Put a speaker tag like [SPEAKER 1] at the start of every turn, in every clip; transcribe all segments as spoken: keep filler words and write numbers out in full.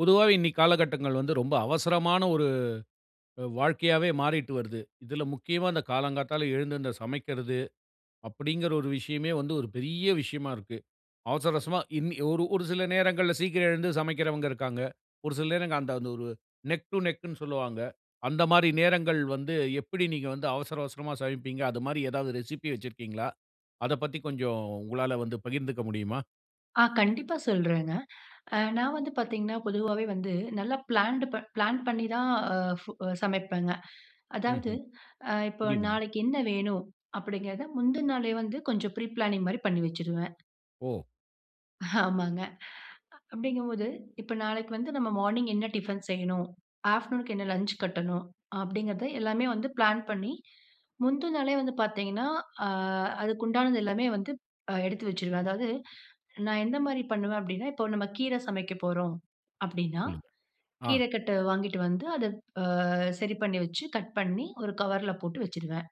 [SPEAKER 1] பொதுவாவே, இன்னைக்கி காலகட்டங்கள்ல வந்து, ரொம்ப அவசரமான ஒரு அ வாழ்க்கையாவே மாறிட்டு வருது. இதுல முக்கியமா அந்த காலங்காத்தால எழுந்து அந்த சமைக்கிறது. அப்டின்கிற ஒரு விஷயமே வந்து, ஒரு பெரிய விஷயமா இருக்கு. அவசர அவசரமா இன்னிய ஒரு ஒரு சில நேரங்கள்ல சீக்கிரம் எழுந்து சமைக்கிறவங்க, இருக்காங்க. ஒரு சில நேரங்கள் அந்த அந்த ஒரு நெக் டூ நெக்ன்னு சொல்வாங்க. அந்த மாரி நேரங்கள் வந்து, எப்டி நீங்க வந்து அவசர அவசரமா சமைப்பீங்க? அது மாரி ஏதாவது ரெசிபி வச்சிருக்கீங்ளா? அத பத்தி கொஞ்சம் உங்களால வந்து பகிர்ந்துக்க முடியுமா?
[SPEAKER 2] ஆ. கண்டிப்பா சொல்றேங்க. நான் வந்து பார்த்தீங்கன்னா, பொதுவாவே வந்து, நல்லா பிளான்டு ப பிளான் பண்ணி தான் ஃபு சமைப்பேங்க. அதாவது,
[SPEAKER 1] ம்ஹ்ம்.
[SPEAKER 2] அ இப்ப
[SPEAKER 1] புரியுதுங்க.
[SPEAKER 2] நாளைக்கி என்ன வேணும்? அப்டின்கிறத முந்தின நாளே வந்து, கொஞ்சம் ப்ரீ பிளானிங் மாரி பண்ணிவச்சிருவேன்.
[SPEAKER 1] ஓ!
[SPEAKER 2] ஆமாங்க. அப்பிடிங்கும்போது, இப்ப நாளைக்கு வந்து நம்ம மார்னிங் என்ன டிஃபன் செய்யணும். ஆஃப்டர்நூனுக்கு என்ன லஞ்ச் கட்டணும். அப்டிங்கிறத எல்லாமே வந்து பிளான் பண்ணி, முந்தி நாளே வந்து பார்த்தீங்கன்னா, அ அதுக்கு உண்டானது எல்லாமே வந்து எடுத்து வச்சுருவேன். அதாவது நான் எந்த மாரி பண்ணுவேன்? அப்டின்னா, இப்ப நம்ம கீரை சமைக்க போறோம் அப்டின்னா,
[SPEAKER 1] சொல்லுங்க. அ.
[SPEAKER 2] கீரை கட்ட வாங்கிட்டு வந்து, அதை அ சரி பண்ணி வச்சு, கட் பண்ணி, ஒரு கவர்ல போட்டு வச்சுருவேன்.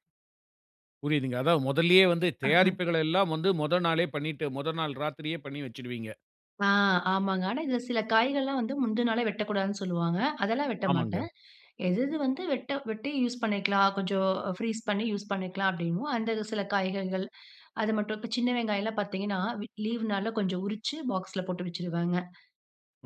[SPEAKER 1] புரியுதுங்க. அதா, முதல்லேயே வந்து தயாரிப்புகள் எல்லாம் வந்து, முதல் நாளே பண்ணிட்டு, முதல் நாள் இராத்திரியே பண்ணி வச்சுடுவீங்க?
[SPEAKER 2] ஆ, ஆமாங்க. ஆனா, இதில சில காய்கள்லாம் வந்து, முந்தின் நாளே வெட்டக்கூடாதுன்னு சொல்லுவாங்க. அதெல்லாம் வெட்ட
[SPEAKER 1] ஆமாங்க.
[SPEAKER 2] மாட்டேன். எது, எது, வந்து வெட்ட வெட்டி யூஸ் பண்ணிக்கலாம். கொஞ்ச ஃப்ரீஸ் பண்ணி, யூஸ் பண்ணிக்கலாம், அப்படின்னு. அந்த சில காய்கறிகள், அது மட்டும் சின்ன வெங்காயம்லாம் பாத்தீங்கன்னா, லீவ் நாள்ல கொஞ்சம் உரிச்சு, பாக்ஸ்ல போட்டு வச்சுடுவேங்க.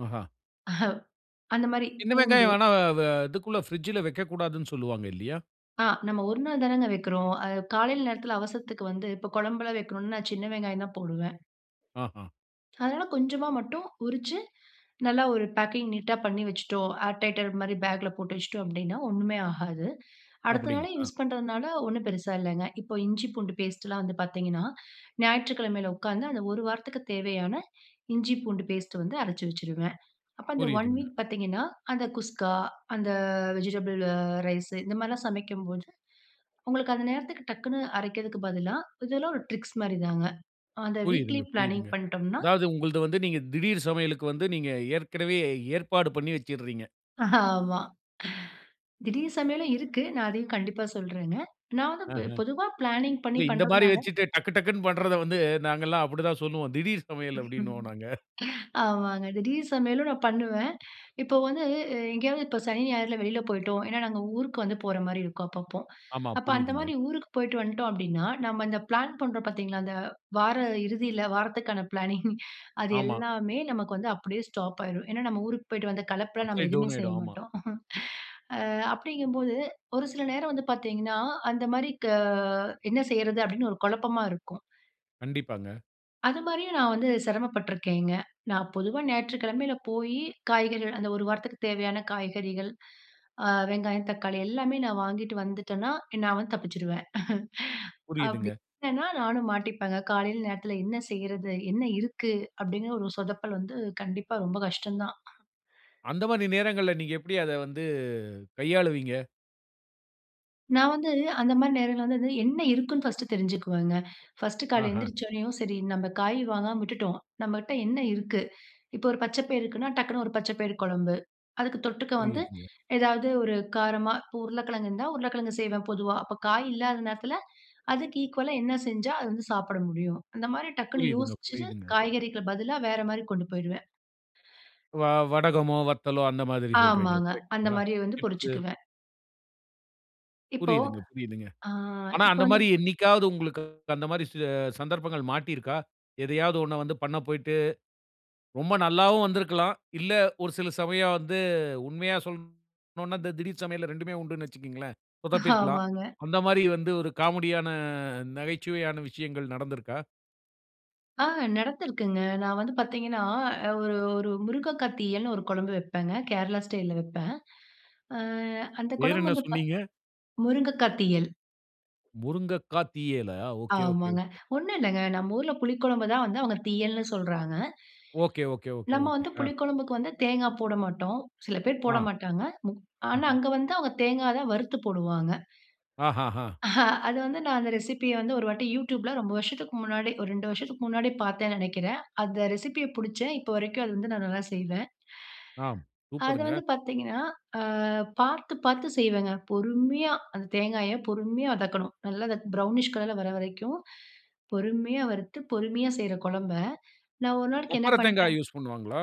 [SPEAKER 1] ஆஹா.
[SPEAKER 2] அந்த மாரி,
[SPEAKER 1] சின்ன
[SPEAKER 2] பூண்டு.
[SPEAKER 1] வெங்காயம் வேணா, வே இதுக்குள்ள பிரிட்ஜ்ல வைக்கக்கூடாதுனு, சொல்வாங்க. இல்லையா?
[SPEAKER 2] ஆ, நம்ம ஒரு நாள் தானங்க வக்கிறோம். அ, காலையில நேரத்துல அவசரத்துக்கு வந்து, இப்ப கொழம்புலாம் வைக்கணும்னா, நான் சின்ன வெங்காயம் தான் போடுவேன்.
[SPEAKER 1] ஆஹா.
[SPEAKER 2] அதனால கொஞ்சமா மட்டும் உரிச்சு, நல்லா ஒரு பேக்கிங் நீட்டா பண்ணி வச்சுட்டோம். ஆர் டைட்டர் மாதிரி, பேக்கில போட்டு வச்சுட்டோம் அப்படின்னா, ஒண்ணுமே ஆகாது. அடுத்த நாளே,
[SPEAKER 1] அப்படிங்களா?
[SPEAKER 2] யூஸ் பண்ணுறனால ஒண்ணும் பெருசா இல்லைங்க. இப்போ இஞ்சி, பூண்டு பேஸ்ட்டுலாம் வந்து பாத்தீங்கன்னா, ஞாயிற்றுக்கிழமையில உட்காந்து, அந்த ஒரு வாரத்துக்கு தேவையான இஞ்சி, பூண்டு பேஸ்ட்டு வந்து அரைச்சு வச்சுடுவேன். அப்போ அந்த ஒன்
[SPEAKER 1] புரியுதுங்க.
[SPEAKER 2] வீக் பாத்தீங்கன்னா, அந்த குஸ்கா, அந்த வெஜிடபிள் ரைஸ் இந்த மாதிரிலாம் சமைக்கும்போது, உங்களுக்கு அந்த நேரத்திற்கு டக்குனு அரைக்கறதுக்கு பதிலா, இது எல்லாம் ஒரு ட்ரிக்ஸ் மாரி தாங்க. அந்த வீக்லி
[SPEAKER 1] புரியுதுங்க,
[SPEAKER 2] பிளானிங்
[SPEAKER 1] புரியுதுங்க.
[SPEAKER 2] பண்ட்டோம்னா
[SPEAKER 1] அதாவது, உங்களுது வந்து, நீங்க திடீர் சமையலுக்கு வந்து, நீங்க ஏற்கனவே ஏற்பாடு பண்ணி வச்சுர்ரீங்க?
[SPEAKER 2] அ ஆமா. திடீர் சமையலும் இருக்கு. நான் அதையும் கண்டிப்பா சொல்றேங்க. நான் வந்து
[SPEAKER 1] ஆஹ.
[SPEAKER 2] ப் பொதுவா பிளானிங் பண்ணி
[SPEAKER 1] இல்ல இந்த மாரி
[SPEAKER 2] பண்றதுனால.
[SPEAKER 1] வைச்சிட்டு டக்கு டக்குனு பண்ணுறத வந்து நாங்கல்லாம் அப்படித்தான் சொல்லுவோம். திடீர் சமையல் அப்டீன்னுவோம் நாங்க.
[SPEAKER 2] ஆமாங்க, திடீர் சமையலும் நான் பண்ணுவேன். இப்போ வந்து இ எங்கேயாவது இப்ப சனி, ஞாயிறுல வெளியில போய்ட்டோம், ஏன்னா நாங்க ஊருக்கு வந்து போற மாதிரி இருக்கும், அப்பப்போ.
[SPEAKER 1] ஆமா
[SPEAKER 2] அப்போ, அந்த
[SPEAKER 1] புரியுதுங்க.
[SPEAKER 2] மாதிரி ஊருக்கு போய்ட்டு வந்துட்டோம், அப்டீன்னா நம்ப அந்த பிளான் பண்ணுறோம் பாத்தீங்களா? இந்த வார இறுதியில வாரத்துக்கான பிளானிங் அது
[SPEAKER 1] ஆமா.
[SPEAKER 2] எல்லாமே நமக்கு வந்து அப்படியே ஸ்டாப் ஆய்ரும். ஏன்னா, நம்ப ஊருக்கு போய்ட்டு வந்த களைப்புல நம்ப
[SPEAKER 1] அப்பயே
[SPEAKER 2] எதுவுமே
[SPEAKER 1] டவுன்
[SPEAKER 2] செய்ய
[SPEAKER 1] ஆயிடும். ஆமா.
[SPEAKER 2] மாட்டோம். ஆ அப்டீங்கும் போது ஒரு சில நேரம் வந்து பாத்தீங்கன்னா, அந்த மாதிரி க என்ன செய்யுறது? அப்டீன்னு ஒரு குழப்பமா இருக்கும்.
[SPEAKER 1] கண்டிப்பாங்க.
[SPEAKER 2] அது மாதிரியும் நான் வந்து சிரமப்பட்டுருக்கேங்க. நான் பொதுவா ஞாயிற்றுக்கிழமையில போயி காய்கறிகள் அந்த ஒரு வாரத்துக்கு தேவையான காய்கறிகள் அ வெங்காயம் தக்காளி எல்லாமே நான் வாங்கிட்டு வந்துட்டேனா, நான் வந்து தப்பிச்சுடுவேன். அப்டீ
[SPEAKER 1] புரியுதுங்க.
[SPEAKER 2] இல்லானா நானும் மாட்டிப்பேங்க. காலையில நேரத்துல என்ன செய்றது? என்ன இருக்கு? அப்டீங்குற ஒரு சொதப்பல் வந்து கண்டிப்பா ரொம்ப கஷ்டம் தான்.
[SPEAKER 1] அந்த மாறி நேரங்கள்ல நீங்க எப்படி அத வந்து கையாளுவீங்க?
[SPEAKER 2] நான் வந்து அந்த மாரி நேரங்கள்ல வந்து வந்து என்ன இருக்குன்னு, ஃபர்ஸ்ட்டு தெரிஞ்சுக்குவேங்க. ஃபர்ஸ்ட்டு காலைல
[SPEAKER 1] ஆஹ.
[SPEAKER 2] எழுந்திரிச்சோனயும் சரி, நம்ப காய் வாங்காம விட்டுட்டோம், நம்மட்ட என்ன இருக்கு? இப்ப ஒரு பச்சப்பயிறு இருக்குனா, டக்குனு ஒரு பச்சபயிறு குழம்பு அதுக்கு தொட்டுக்க வந்து
[SPEAKER 1] புரியுதுங்க.
[SPEAKER 2] எதாவது ஒரு காரமா இப்ப உருளைக்கிழங்கு இருந்தா, உருளைக்கிழங்கு செய்வேன். பொதுவா அப்ப காய் இல்லாத நேரத்துல அதுக்கு ஈக்குவலா என்ன செஞ்சா அது வந்து சாப்பிட முடியும். அந்த மாரி டக்குனு
[SPEAKER 1] புரியுதுங்க,
[SPEAKER 2] யோசிச்சுட்டு,
[SPEAKER 1] புரியுதுங்க.
[SPEAKER 2] காய்கறிக்கு பதிலா வேற மாரி கொண்டு போயிருவேன்.
[SPEAKER 1] வ வடகமோ, வத்தலோ அந்த மாதிரி சொல்றீங்க.
[SPEAKER 2] ஆமாங்க. அந்த
[SPEAKER 1] கரெக்ட்ங்களா?
[SPEAKER 2] மாரி வந்து
[SPEAKER 1] சீப்ஸ்.
[SPEAKER 2] பொரிச்சுக்குவேன். இப்போ,
[SPEAKER 1] புரியுதுங்க, புரியுதுங்க.
[SPEAKER 2] அ
[SPEAKER 1] ஆனா
[SPEAKER 2] இப்ப
[SPEAKER 1] அந்த
[SPEAKER 2] வந்து
[SPEAKER 1] மாரி என்னைக்காவது உங்களுக்கு அந்த மாரி ச சந்தர்ப்பங்கள் மாட்டிருக்கா? எதையாவது ஒண்ண வந்து பண்ண போய்ட்டு, ரொம்ப நல்லாவும் வந்துருக்கலாம். இல்ல, ஒரு சில சமயம் வந்து உண்மையா சொல்லனும்ன்னா, இந்த திடீர் சமையல் ரெண்டுமே உண்டுனு வச்சிக்கங்களேன் சொதப்பியிருக்கலாம்.
[SPEAKER 2] ஆமாங்க.
[SPEAKER 1] அந்த மாரி வந்து ஒரு காமெடி ஆன நகைச்சுவையான விஷயங்கள் நடந்துருக்கா?
[SPEAKER 2] ஆ நடந்துருக்குங்க. நான் வந்து பாத்தீங்கன்னா, ஒரு ஒரு முருங்கக்கா தீயல்னு ஒரு குழம்பு வைப்பேங்க, கேரளா ஸ்டைல்ல வைப்பேன். அ அந்த
[SPEAKER 1] பேர்
[SPEAKER 2] குழம்பு
[SPEAKER 1] என்ன
[SPEAKER 2] வந்து ப
[SPEAKER 1] சொன்னீங்க?
[SPEAKER 2] "முருங்கக்காய் தீயல்".
[SPEAKER 1] முருங்கக்கா தீயலா? ஓகே, ஓகே,
[SPEAKER 2] ஆமாங்க.
[SPEAKER 1] ஓகே.
[SPEAKER 2] ஒண்ணும் இல்லங்க நம்ப ஊருல புளிக்குழம்பு தான் வந்து அவங்க தீயல்னு சொல்லுறாங்க.
[SPEAKER 1] ஓகே, ஓகே, ஓகே,
[SPEAKER 2] நம்ம
[SPEAKER 1] ஓகே.
[SPEAKER 2] வந்து
[SPEAKER 1] அ.
[SPEAKER 2] புளி குழம்புக்கு வந்து தேங்கா போட மாட்டோம். சில பேர் போட
[SPEAKER 1] ஆ.
[SPEAKER 2] மாட்டாங்க மு ஆனா
[SPEAKER 1] ம்ஹ்ம்.
[SPEAKER 2] அங்க வந்து அவங்க தேங்காய தான் வறுத்து போடுவாங்க.
[SPEAKER 1] ஹ, ஹ, ஹ.
[SPEAKER 2] அது வந்து நான் அந்த ரெசிப்பிய வந்து ஒரு வாட்டி Youtubeல ரொம்ப வருஷத்துக்கு முன்னாடி ஒரு ரெண்டு வருஷத்துக்கு முன்னாடி பாத்தேன்னு நெனைக்குறேன். அந்த ரெசிப்பிய புடிச்சேன். இப்போ வரைக்கும் அது வந்து நான் நல்லா செய்வேன்.
[SPEAKER 1] ஆம்,
[SPEAKER 2] அது
[SPEAKER 1] சூப்பர்ங்க!
[SPEAKER 2] வந்து பாத்தீங்கன்னா, அ பாத்து, பாத்து செய்வேங்க. பொறுமையா அந்த தேங்காய பொறுமையா வதக்கணும். நல்லா ப்ரௌனிஷ் கலர்ல வர வரைக்கும் பொறுமையா வறுத்து பொறுமையா செய்யற குழம்ப நான் ஒரு நாளைக்கு என்ன
[SPEAKER 1] கொப்பர தேங்காய்
[SPEAKER 2] பண்ட்டேன்
[SPEAKER 1] யூஸ் பண்ணுவாங்களா?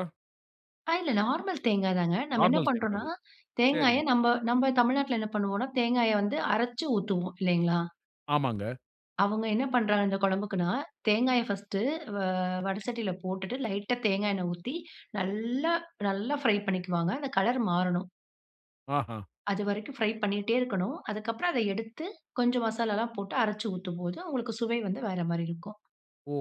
[SPEAKER 2] ஆ, இல்ல நார்மல் தேங்காய் தாங்க. நம்ம என்ன
[SPEAKER 1] நார்மல்
[SPEAKER 2] பண்ணுறோம்னா
[SPEAKER 1] தேங்காவே?
[SPEAKER 2] தேங்காய
[SPEAKER 1] சேரிங்க.
[SPEAKER 2] நம்ம நம்ம தமிழ்நாட்டில என்ன பண்ணுவோம்னா, தேங்காய வந்து அரச்சு ஊத்துவோம், இல்லைங்களா?
[SPEAKER 1] ஆமாங்க.
[SPEAKER 2] அவங்க என்ன பண்றாங்க? இந்த குழம்புக்குன்னா, தேங்காய பர்ஸ்ட் வ வட சட்டியில போட்டுட்டு, லைட்டா தேங்காய் எண்ணெய் ஊத்தி, நல்லா நல்லா ஃபிரை பண்ணிக்குவாங்க. அந்த கலர் மாறணும்.
[SPEAKER 1] ஆஹ.
[SPEAKER 2] அது வரைக்கும் ஃபிரை பண்ணிட்டே இருக்கணும். அதுக்கு அப்புறம் அத எடுத்து, கொஞ்சம் மசாலால்லாம் போட்டு அரச்சு ஊத்தும் போது, உங்களுக்கு சுவை வந்து வேற மாதிரி இருக்கும்.
[SPEAKER 1] ஓ!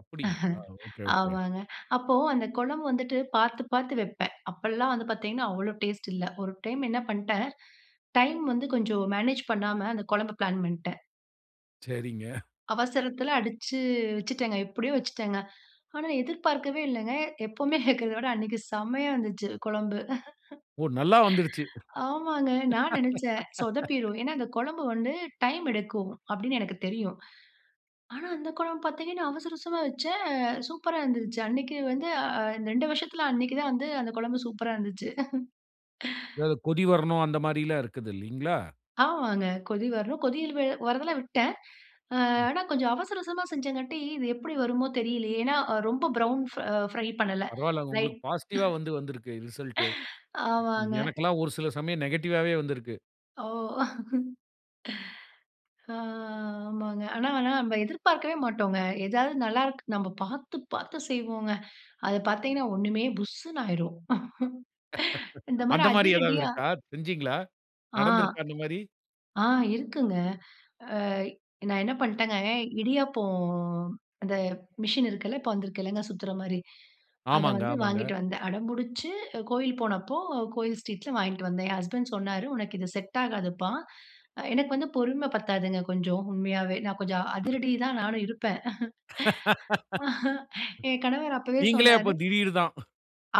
[SPEAKER 1] அப்படிங்களா? Okay, okay.
[SPEAKER 2] ஆமாங்க. அப்போ அந்த குழம்பு வந்துட்டு பார்த்து பார்த்து வைப்பேன். அப்போலாம் வந்து பார்த்தீங்கன்னா, அவ்வளோ டேஸ்ட் இல்ல. ஒரு டைம் என்ன பண்ணிட்டேன், டைம் வந்து கொஞ்சம் மேனேஜ் பண்ணாம அந்த குழம்பு பிளான் பண்ணிட்டேன்.
[SPEAKER 1] சரிங்க.
[SPEAKER 2] அவசரத்தில அடிச்சு வச்சுட்டேங்க எப்படியோ வச்சுட்டேங்க. ஆனா எதிர்பார்க்கவே இல்லங்க, எப்பவுமே வெக்கிறத விட அன்னைக்கு செமையா வந்துச்சு குழம்பு.
[SPEAKER 1] ஓ! நல்லா வந்துருச்சு.
[SPEAKER 2] ஆமாங்க, நான் நினைச்சேன் சொதப்பிரும். ஏன்னா, அந்த குழம்பு வந்து டைம் எடுக்கும். அப்படின்னு எனக்கு தெரியும். ஆனா அந்த குழம்பு பார்த்தீங்கன்னா, அவசர அவசரமா வச்சேன். சூப்பரா இருந்துச்சு அன்னைக்கு வந்து அ ரெண்டு வருஷத்தில அன்னைக்கு தான் வந்து அந்த குழம்பு சூப்பரா இருந்துச்சு.
[SPEAKER 1] அதாவது கொடி வரணும் அந்த மாதிரிலாம் இருக்குது இல்லீங்களா?
[SPEAKER 2] ஆமாங்க. கொதி வரணும், கொதில் வ வரதெல்லாம் விட்டேன். அ
[SPEAKER 1] ம்.
[SPEAKER 2] ஆனா கொஞ்சம் அவசர அவசரமா செஞ்சங்காட்டி, இது எப்படி வருமோ தெரியலயே ஏன்னா, ரொம்ப ப்ரவுன் ஃப ஃபிரை பண்ணல.
[SPEAKER 1] பரவாயில்ல!
[SPEAKER 2] லைட்
[SPEAKER 1] உங்களுக்கு பாசிட்டிவா வந்து வந்திருக்கு ரிசல்ட் இ
[SPEAKER 2] ஆமாங்க.
[SPEAKER 1] எனக்கெல்லாம் ஒரு சில சமயம் நெகட்டிவாவே வந்திருக்கு.
[SPEAKER 2] ஓ. ஆ ஆமாங்க ஆனா ஆனா நம்ம எதிர்பார்க்கவே மாட்டோங்க. ஏதாவது நல்லாருக் நம்ம பார்த்து பார்த்து செய்வோங்க. அத பார்த்தீங்கன்னா ஒண்ணுமே புஸ்ஸுன்னு ஆயிரும். இந்த மாதிரி
[SPEAKER 1] அந்த மாரி ஏதாவது
[SPEAKER 2] அதிரடியா
[SPEAKER 1] இருக்கா? செஞ்சீங்ளா
[SPEAKER 2] ஆ
[SPEAKER 1] நடந்திருக்கா, அந்த மாரி?
[SPEAKER 2] ஆ இருக்குங்க. அ நான் என்ன பண்ணிட்டேங்க, இடியாப்பம் அந்த மிஷின் இருக்குல, இப்போ வந்துருக்குலங்க சுத்துற மாரி. அத
[SPEAKER 1] ஆமாங்க
[SPEAKER 2] வந்து
[SPEAKER 1] ஆமாங்க.
[SPEAKER 2] வாங்கிட்டு வந்தேன். அடம்புடிச்சு கோயில் போனப்போ கோயில் ஸ்ட்ரீட்ல வாங்கிட்டு வந்தேன். என் ஹஸ்பண்ட் சொன்னாரு உனக்கு இது செட் ஆகாதுப்பா. எனக்கு வந்து பொறுமை பத்தாதுங்க கொஞ்சம் உண்மையாவே. நான் கொஞ்சம் அதிரடி தான் நானும் இருப்பேன். என் கணவர் அப்பவே
[SPEAKER 1] நீங்களே
[SPEAKER 2] சொன்னாரு.
[SPEAKER 1] அப்ப திடீர் தான்.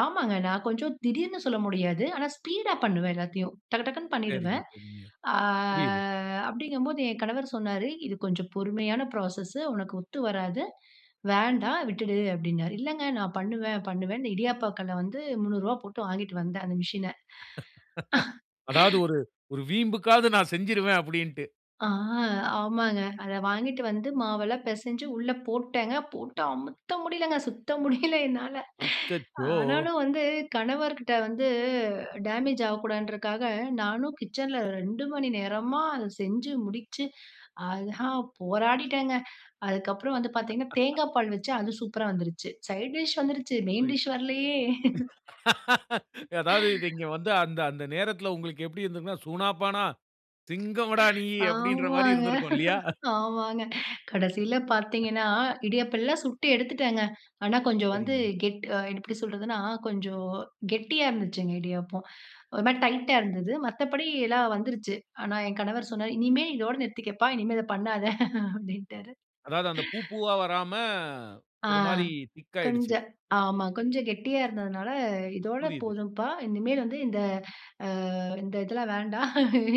[SPEAKER 2] ஆமாங்க நான் கொஞ்சம் திடீர்னு சொல்ல முடியாது. ஆனா ஸ்பீடா பண்ணுவேன் எல்லாத்தையும். டக்கு டக்குனு
[SPEAKER 1] சரிங்க,
[SPEAKER 2] பண்ணிடுவேன்.
[SPEAKER 1] சரிங்க.
[SPEAKER 2] அ
[SPEAKER 1] புரியுது.
[SPEAKER 2] அப்டிங்கும்போது என் கணவர் சொன்னாரு, இது கொஞ்சம் பொறுமையான ப்ராசஸ்ஸு, உனக்கு ஒத்து வராது, வேண்டாம் விட்டுடு அப்டின்னாரு. இல்லங்க நான் பண்ணுவேன் பண்ணுவேன். இடியாப்ப கல்ல வந்து முன்னூறு ரூபாய் போட்டு வாங்கிட்டு வந்தேன் அந்த மிஷின.
[SPEAKER 1] அதாவது ஒரு ஒரு வீம்புக்காவது நான் செஞ்சுருவேன் அப்படின்ட்டு.
[SPEAKER 2] ஆ, ஆமாங்க. அத வாங்கிட்டு வந்து மாவெல்லாம் பெசஞ்சு உள்ள போட்டேன் போட்டு, அமுத்த முடியலங்க. சுத்த முடியல என்னால,
[SPEAKER 1] அச்சச்சோ!
[SPEAKER 2] ஆனாலும் வந்து கணவர்கிட்ட வந்து டேமேஜ் ஆகக்கூடாதுன்றதுக்காக, நானும் கிச்சன்ல ரெண்டு மணி நேரமா அத செஞ்சு முடிச்சு, அதான் போராடிட்டேங்க. அதுக்கப்றம் வந்து பாத்தீங்கன்னா, தேங்காய் பால் வச்சு அது சூப்பரா வந்துருச்சு சைட் டிஷ் வந்துருச்சு. மெயின்
[SPEAKER 1] புரியுது.
[SPEAKER 2] டிஷ் வரலயே.
[SPEAKER 1] அதாவது இங்க வந்து அந்த, அந்த நேரத்துல உங்களுக்கு எப்டி இருந்துருக்கும்னா, "சூனா பானா சிங்கம்டா நீ" அப்டீன்ற மாரி
[SPEAKER 2] ஆமாங்க.
[SPEAKER 1] இருந்திருக்கும் இல்லயா?
[SPEAKER 2] ஆமாங்க. கடைசில பாத்தீங்கன்னா, இடியப்பலாம் சுட்டு எடுத்துட்டங்க. ஆனா, கொஞ்சம் வந்து
[SPEAKER 1] சரிங்க.
[SPEAKER 2] கெட் எப்டி சொல்லுறதுன்னா, கொஞ்சம் கெட்டியா இருந்துச்சுங்க இடியாப்பம். ஒரு மாரி டைட்டா இருந்தது, மத்தபடி எல்லாம் வந்துருச்சு. ஆனா என் கணவர் சொன்னாரு, "இனிமேல் இதோடு நிறுத்திக்கப்பா இனிமேல் இத பண்ணாத" அப்டின்ட்டாரு.
[SPEAKER 1] அதாவது அந்த பூ, பூவா வராம
[SPEAKER 2] ஆ,
[SPEAKER 1] ஒரு மாரி திக் ஆயிடுச்சி.
[SPEAKER 2] கொஞ்சம் ஆமா. கொஞ்சம் கெட்டியா இருந்ததுனால, "இதோட
[SPEAKER 1] புரியுது.
[SPEAKER 2] போதும்ப்பா இனிமேல் வந்து இந்த, அ இந்த இதெல்லாம் வேண்டாம்.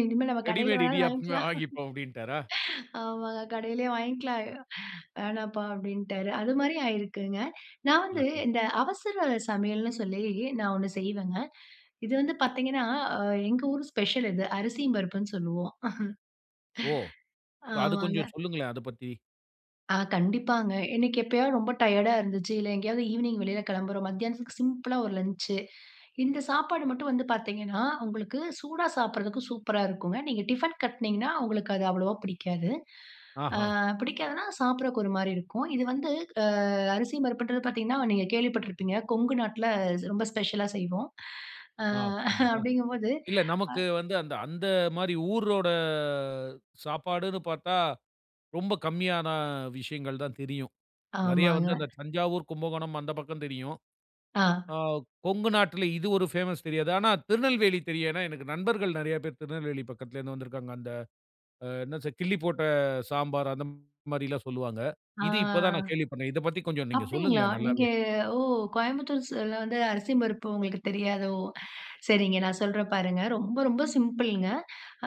[SPEAKER 2] இனிமேல நம்ம கடையில
[SPEAKER 1] ரெடிமேட்
[SPEAKER 2] வேணாலும்
[SPEAKER 1] இடியாப்பமே
[SPEAKER 2] வாங்கிக்கலாம்."
[SPEAKER 1] வாங்கிப்போம் அப்டீன்டாரா?
[SPEAKER 2] ஆமாங்க, "கடையிலேயே வாங்கிக்கலாம். வேணாம்ப்பா" அப்டின்ட்டாரு. அது மாரி ஆயிருக்குங்க. நான்
[SPEAKER 1] அ,
[SPEAKER 2] வந்து
[SPEAKER 1] ம்.
[SPEAKER 2] இந்த அவசர சமையல்ன்னு சொல்லி நான் ஒண்ணு செய்வேங்க. இது வந்து பாத்தீங்கன்னா, எங்க ஊர் ஸ்பெஷல்ங்க, இது அரிசி பருப்புன்னு சொல்லுவோம்.
[SPEAKER 1] ஓ! அது
[SPEAKER 2] ஆமாங்க.
[SPEAKER 1] கொஞ்சம் சொல்லுங்களேன், அதப் பத்தி.
[SPEAKER 2] ஆ கண்டிப்பாங்க, இன்னைக்கு எப்பயாவது ரொம்ப டயர்டா இருந்துச்சு, இல்ல எங்கயாவது ஈவ்னிங் வெளியில கிளம்புறோம். மத்தியானத்துக்கு சி சிம்பிளா ஒரு லன்ச்சு, இந்த சாப்பாடு மட்டும் வந்து பார்த்தீங்கன்னா, உங்களுக்கு சூடா சாப்பிடுறதுக்கு சூப்பரா இருக்குங்க. நீங்க டிஃபன் கட்டுனிங்கன்னா, உங்களுக்கு அது அவ்வளோவா பிடிக்காது.
[SPEAKER 1] ஆஹம்.
[SPEAKER 2] அ பிடிக்காதுனா சாப்பிடறக்கு ஒரு மாரி இருக்கும். இது வந்து அரிசி பருப்புன்றது பார்த்தீங்கன்னா, நீங்க கேள்விப்பட்டுருப்பீங்க. கொங்கு நாட்டுல ரொம்ப ஸ்பெஷலா செய்வோம். ஆ
[SPEAKER 1] ஆ, அப்படிங்களா?
[SPEAKER 2] அப்படிங்கும்போது
[SPEAKER 1] இல்ல
[SPEAKER 2] அ.
[SPEAKER 1] நமக்கு வந்து அந்த அந்த மாதிரி ஊரோட சாப்பாடுன்னு பார்த்தா, ரொம்ப கம்மியான விஷயங்கள் தான் தெரியும். நிறையா
[SPEAKER 2] ஆமாங்க.
[SPEAKER 1] வந்து அந்த தஞ்சாவூர், கும்பகோணம் அந்த பக்கம் தெரியும்.
[SPEAKER 2] ஆ.
[SPEAKER 1] ஆ கொங்கு நாட்டில இது ஒரு பேமஸ் தெரியாது. ஆனா திருநெல்வேலி தெரியும். ஏன்னா எனக்கு நண்பர்கள் நிறைய பேர் திருநெல்வேலி பக்கத்தில இருந்து வந்திருக்காங்க. அந்த என்ன கிள்ளி போட்ட சாம்பார். அந்த மாரிலாம் சொல்லுவாங்க.
[SPEAKER 2] ஆ.
[SPEAKER 1] இது இப்போ தான் நான் கேள்விப்படுறேன். இத பத்தி கொஞ்சம் நீங்க
[SPEAKER 2] அப்படிங்களா,
[SPEAKER 1] சொல்லுங்களேன்
[SPEAKER 2] நீங்க
[SPEAKER 1] நல்லாவே.
[SPEAKER 2] ஓ கோயம்புத்தூர் சைடுல வந்து அரிசியும், பருப்பும் உங்களுக்கு தெரியாதோ! சரிங்க நான் சொல்றேன் பாருங்க, ரொம்ப ரொம்ப சிம்பிள்ங்க.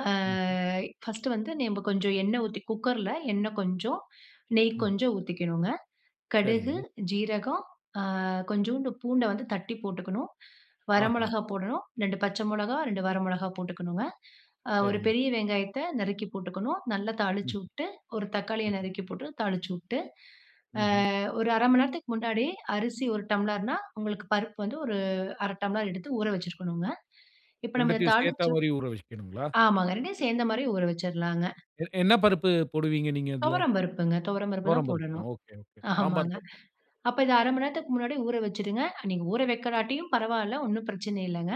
[SPEAKER 2] அ
[SPEAKER 1] ம்ஹ்ம்.
[SPEAKER 2] ஃபர்ஸ்ட்டு வந்து நம்ப கொஞ்சம் எண்ணெய் ஊத்தி, குக்கர்ல எண்ணெய் கொஞ்சம், நெய்
[SPEAKER 1] ம்.
[SPEAKER 2] கொஞ்சம் ஊத்திக்கணுங்க. கடுகு,
[SPEAKER 1] சரிங்க.
[SPEAKER 2] சீரகம், அ கொஞ்சோண்டு பூண்டை வந்து தட்டி போட்டுக்கணும். வர
[SPEAKER 1] ஆஹம்.
[SPEAKER 2] மிளகாய் போடணும், ரெண்டு பச்சை மிளகாய், ரெண்டு வர மிளகாய் போட்டுக்கணுங்க. அ ஒரு
[SPEAKER 1] சரிங்க.
[SPEAKER 2] பெரிய வெங்காயத்தை நறுக்கி போட்டுக்கணும். நல்லா தாளிச்சு
[SPEAKER 1] ம்.
[SPEAKER 2] வுட்டு ஒரு தக்காளிய
[SPEAKER 1] ம்.
[SPEAKER 2] நறுக்கி போட்டு தாளிச்சு வுட்டு,
[SPEAKER 1] ம்ஹ்ம்.
[SPEAKER 2] அ ஒரு அரை மணி நேரத்துக்கு முன்னாடி அரிசி ஒரு டம்ளர்னா உங்களுக்கு பருப்பு வந்து ஒரு அரை டம்ளர் எடுத்து ஊற வச்சுருக்கணுங்க. இப்போ நம்ம இந்த
[SPEAKER 1] ரெண்டத்தையும் சேர்த்தா
[SPEAKER 2] தாளிச்சு
[SPEAKER 1] மாரி ஊற வைச்சுக்கணுங்களா?
[SPEAKER 2] ஆமாங்க, ரெண்டையும் சேர்ந்த மாதிரி ஊற வச்சுரலாங்க.
[SPEAKER 1] எ என்ன பருப்பு போடுவீங்க நீங்க அதில?
[SPEAKER 2] துவரம்பருப்புங்க. துவரம்பருப்பு தான்
[SPEAKER 1] துவரம் பருப்பு.
[SPEAKER 2] போடணும்.
[SPEAKER 1] ஓகே, ஓகே சாம்பார்
[SPEAKER 2] ஆமாங்க
[SPEAKER 1] பருப்பு.
[SPEAKER 2] அப்ப இதை அரை மணி நேரத்துக்கு முன்னாடி ஊற வச்சுடுங்க. நீங்க ஊற வைக்கலாட்டியும் பரவாயில்ல. ஒண்ணும் பிரச்சனை இல்லைங்க.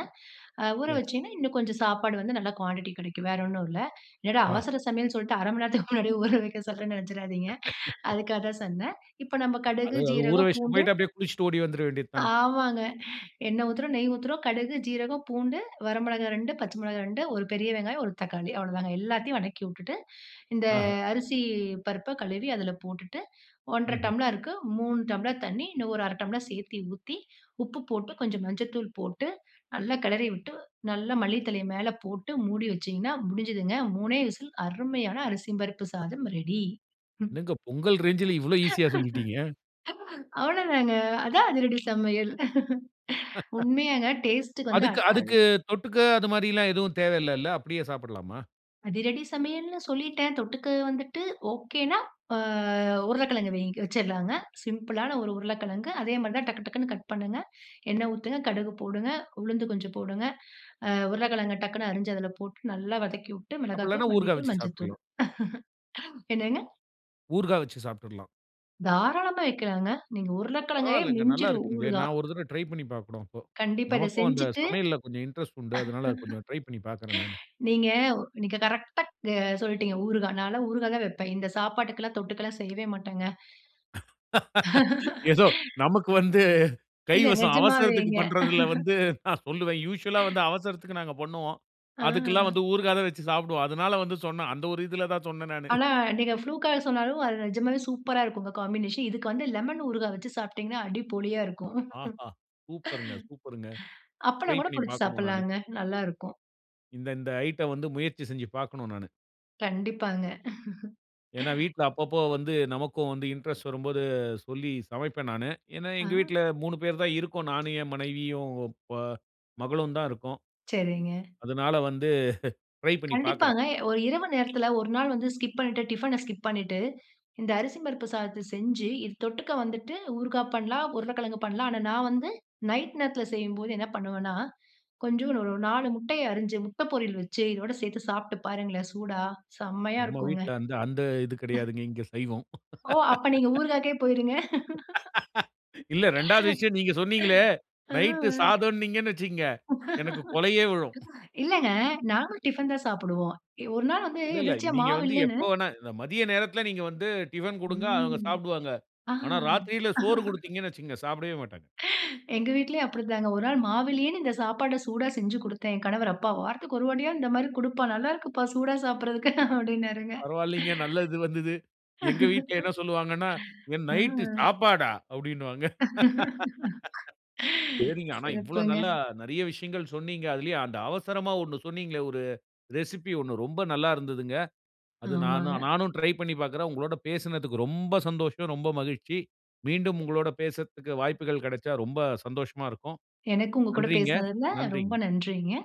[SPEAKER 2] அ ஊற
[SPEAKER 1] சரி.
[SPEAKER 2] வச்சிங்கன்னா இன்னும் கொஞ்சம் சாப்பாடு வந்து நல்ல குவாண்டிட்டி கிடைக்கும். வேற ஒண்ணும் இல்ல. என்னடா
[SPEAKER 1] ஆ.
[SPEAKER 2] அவசர சமையல் சொல்லிட்டு அரை மணி நேரத்துக்கு முன்னாடியே ஊற வைக்க சொல்றேன்னு நினைச்சுராதீங்க. அதுக்காக தான் சொன்னேன். இப்போ நம்ம
[SPEAKER 1] அது
[SPEAKER 2] கடுகு,
[SPEAKER 1] அது ஊற
[SPEAKER 2] சீரகம்,
[SPEAKER 1] வச்சுட்டு
[SPEAKER 2] பூண்டு
[SPEAKER 1] போயிட்டு, அப்படியே குளிச்சுட்டு ஓடி வந்துறவேண்டியது தான்.
[SPEAKER 2] ஆமாங்க எண்ணெய் ஊத்துறோம், நெய் ஊத்துறோம், கடுகு, சீரகம், பூண்டு, வரை மிளகாய் ரெண்டு பச்சை மிளகாய் ரெண்டு ஒரு பெரிய வெங்காயம், ஒரு தக்காளி. அவ்வளோதாங்க. எல்லாத்தையும் வதக்கி விட்டுட்டு, இந்த
[SPEAKER 1] ஆஹ.
[SPEAKER 2] அரிசி பருப்பை கழுவி அதில போட்டுட்டு ஒன்றரை
[SPEAKER 1] ம்ஹ்ம்.
[SPEAKER 2] டம்ளருக்கு மூணு டம்ளர் தண்ணி இன்னும் ஒரு அரை டம்ளர் சேர்த்து ஊத்தி, உப்பு போட்டு கொஞ்சம் மஞ்சள்தூள் போட்டு, நல்லா கிளறி விட்டு, நல்லா மல்லி தழைய மேல போட்டு மூடி வச்சிங்கன்னா, முடிஞ்சுதுங்க. மூணே விசில் அருமையான அரிசி பருப்பு சாதம் ரெடி. ம்.
[SPEAKER 1] என்னங்க பொங்கல் ரேஞ்சுல இவ்வளோ ஈசியா சொல்லிட்டீங்க.
[SPEAKER 2] அவ்ளோதாங்க. அதான் அதிரடி சமையல். உண்மையாங்க டேஸ்ட் வந்து
[SPEAKER 1] அதுக்கு
[SPEAKER 2] அட் [unintelligible]
[SPEAKER 1] அதுக்கு தொட்டுக்க அது மாரிலாம் எதுவும் தேவையில்லைல? அப்படியே சாப்பிடலாமா?
[SPEAKER 2] அதிரடி சமையல்ன்னு சொல்லிட்டேன், தொட்டுக்க வந்துட்டு, ஓகேனா ஆ உருளைக்கிழங்கு வைங்க வேகவச்சிடலாங்க, சிம்பிளான ஒரு உருளைக்கிழங்கு. அதே மாதிரி தான் டக்கு டக்குனு கட் பண்ணுங்க, எண்ணெய் ஊத்துங்க, கடுகு போடுங்க, உளுந்து கொஞ்சம் போடுங்க, அ உருளைக்கிழங்கை டக்குனு அரிஞ்சு அதில போட்டு நல்லா வதக்கிவுட்டு,
[SPEAKER 1] அப்படி இல்லைனா
[SPEAKER 2] மிளகாய்த்தூள்,
[SPEAKER 1] ஊறுகாய்
[SPEAKER 2] மல்லித்தூள்,
[SPEAKER 1] வச்சு
[SPEAKER 2] மஞ்சள்தூள்
[SPEAKER 1] சாப்பிட்லாம்.
[SPEAKER 2] என்னங்க?
[SPEAKER 1] ஊறுகாய் வச்சு சாப்பிட்றலாம்.
[SPEAKER 2] தாராளமா வைக்கலாம்ங்க, நீங்க.
[SPEAKER 1] ஓ,
[SPEAKER 2] உருளைக்கிழங்கைய
[SPEAKER 1] பரவால்லங்க. நல்லா
[SPEAKER 2] மிஞ்சிரும்,
[SPEAKER 1] இருக்குங்களே,
[SPEAKER 2] ஊறுகாய்.
[SPEAKER 1] நான் ஒரு தடவை ட்ரை பண்ணி பார்க்கணும், அப்போ.
[SPEAKER 2] கண்டிப்பா. இதை
[SPEAKER 1] நமக்கும் அந்த
[SPEAKER 2] செஞ்சிட்டு
[SPEAKER 1] சமையல்ல கொஞ்சம் இன்ட்ரெஸ்ட் உண்டு. அதனால, கொஞ்சம் ட்ரை பண்ணி பார்க்கிறேன், நானு.
[SPEAKER 2] நீங்க நீங்க கரெக்டா க சொல்லிட்டீங்க. ஊறுகாய். நான்லாம் ஊறுகாய் தான் வைப்பேன். இந்த சாப்பாட்டுக்குலாம் தொட்டுக்கெல்லாம் செய்யவே மாட்டேங்க.
[SPEAKER 1] ஏதோ நமக்கு வந்து,
[SPEAKER 2] இல்ல
[SPEAKER 1] கைவசம் அவசரதுக்கு
[SPEAKER 2] நிஜமாவேங்க.
[SPEAKER 1] பண்றதில வந்து நான் சொல்லுவேன். யூசுவல்லா வந்து அவசரத்துக்கு நாங்க பண்ணுவோம்.
[SPEAKER 2] ஆ
[SPEAKER 1] அதுக்கெல்லாம் வந்து ஊறுகாய் தான் வைச்சு சாப்பிடுவோம். அதனால வந்து சொன்னேன். அந்த ஒரு இதில தான் சொன்னேன் நானு.
[SPEAKER 2] ஆனா, நீங்க ப்ளூக்கா சொன்னாலும், அது நிஜமாவே சூப்பரா இருக்கும் காம்பினேஷன், இதுக்கு வந்து லெமன் ஊறுகாய் வைச்சு சாப்பிட்டீங்கனா, அடி பொளியா இருக்கும்.
[SPEAKER 1] ஆஹா! சூப்பர்ங்க. சூப்பர்ங்க. ட்ரை
[SPEAKER 2] அப்பளம் கூட
[SPEAKER 1] பண்ணி
[SPEAKER 2] பொறிச்சு
[SPEAKER 1] பார்க்கணும், நானு.
[SPEAKER 2] சாப்பிடலாங்க, நல்லா இருக்கும்.
[SPEAKER 1] இந்த இந்த ஐட்டம் வந்து முயற்சி செஞ்சு பாக்கணும் நானு.
[SPEAKER 2] கண்டிப்பாங்க.
[SPEAKER 1] ஏன்னா, வீட்டில அப்பப்போ வந்து நமக்கும் வந்து இன்ட்ரெஸ்ட் வரும்போது சொல்லி சமைப்பேன் நானு. ஏன்னா
[SPEAKER 2] ஆ.
[SPEAKER 1] எங்க வீட்டில மூணு பேர் தான் இருக்கோம். நானும், என் மனைவியும், ப மகளும் தான் இருக்கோம்.
[SPEAKER 2] சரிங்க.
[SPEAKER 1] அதனால வந்து ட்ரை பண்ணி பாக்கிறேன்.
[SPEAKER 2] கண்டிப்பாங்க, எ ஒரு இரவு நேரத்தில ஒரு நாள் வந்து ஸ்கிப் பண்ணிட்டு. டிஃபன ஸ்கிப் பண்ணிட்டு, இந்த அரிசி பருப்பு சாதத்த செஞ்சு இது தொட்டுக்க வந்துட்டு, ஊறுகாய் பண்ணலாம். உருளைக்கிழங்கு பண்ணலாம். ஆனா நான் வந்து நைட் நேரத்தில செய்யும்போது என்ன பண்ணுவேன்னா, கொஞ்சம் ஒரு நாலு முட்டையை அரிஞ்சு, முட்டை பொரியல் வச்சு இதோடு சேர்த்து சாப்பிட்டு பாருங்களேன் சூடா. செம்மையா
[SPEAKER 1] நம்ம
[SPEAKER 2] இருக்குங்க.
[SPEAKER 1] வீட்டில அந்த அந்த இது
[SPEAKER 2] ம்.
[SPEAKER 1] கிடையாதுங்க, இங்கே சைவம்.
[SPEAKER 2] ஓ! அப்போ நீங்க ஊறுகாக்கே போய்ருங்க.
[SPEAKER 1] இல்ல ரெண்டாவது விஷயம். நீங்க சொன்னீங்களே, நைட்
[SPEAKER 2] ம்.
[SPEAKER 1] சாதம்ன்னீங்கன்னு வச்சுக்கோங்க, எனக்கு கொலையே விழும்.
[SPEAKER 2] இல்லங்க, நாங்களும் டிஃபன் தான் சாப்பிடுவோம். ஒரு நாள் வந்து
[SPEAKER 1] இல்லல்ல,
[SPEAKER 2] எதிர்ச்சியா
[SPEAKER 1] நீங்க
[SPEAKER 2] மாவு
[SPEAKER 1] வந்து
[SPEAKER 2] இல்லன்னு
[SPEAKER 1] எப்போ வேண்னா மதிய நேரத்தில நீங்க வந்து டிஃபன் கொடுங்க. அவங்க
[SPEAKER 2] ம்,
[SPEAKER 1] சாப்பிடுவாங்க.
[SPEAKER 2] ஆ.
[SPEAKER 1] ஆனா ராத்திரியில சோறு கொடுத்தீங்கன்னு வச்சுக்கங்க, சாப்பிடவே மாட்டாங்க.
[SPEAKER 2] எங்க வீட்டிலயும் அப்படி தாங்க. ஒரு நாள் மாவில்லையேன்னு இந்த சாப்பாட்ட சூடா செஞ்சு கொடுத்தேன். என் கணவர் "அப்பா வாரத்துக்கு ஒரு வாட்டியா இந்த மாதிரி கொடுப்பா. நல்லா இருக்குப்பா! சூடா சாப்பிடுறக்கு," அப்படின்னாருங்க.
[SPEAKER 1] பரவாயில்லங்க நல்லது வந்தது. எங்க வீட்டில என்ன சொல்லுவாங்கன்னா, "என் நைட்
[SPEAKER 2] ம்.
[SPEAKER 1] சாப்பாடா?" அப்படின்னுவாங்க. சரிங்க, ஆனா இவ்வளோ
[SPEAKER 2] சிறப்புங்க!
[SPEAKER 1] நல்ல நிறைய விஷயங்கள் சொன்னீங்க. அதுலேயே அந்த அவசரமா ஒண்ணு சொன்னீங்களே, ஒரு ரெசிப்பி ஒண்ணு, ரொம்ப நல்லா இருந்ததுங்க. அது
[SPEAKER 2] ஆமாங்க.
[SPEAKER 1] நானும் நானும் ட்ரை பண்ணி பார்க்குறேன். உங்களோடு பேசினதுக்கு ரொம்ப சந்தோஷம். ரொம்ப மகிழ்ச்சி. மீண்டும் உங்களோடு பேசத்துக்கு வாய்ப்புகள் கிடைச்சா ரொம்ப சந்தோஷமா இருக்கும்.
[SPEAKER 2] எனக்கு உங்க கூட
[SPEAKER 1] நன்றிங்க.
[SPEAKER 2] பேசினதில ரொம்ப
[SPEAKER 1] நன்றிங்க.
[SPEAKER 2] நன்றிங்க.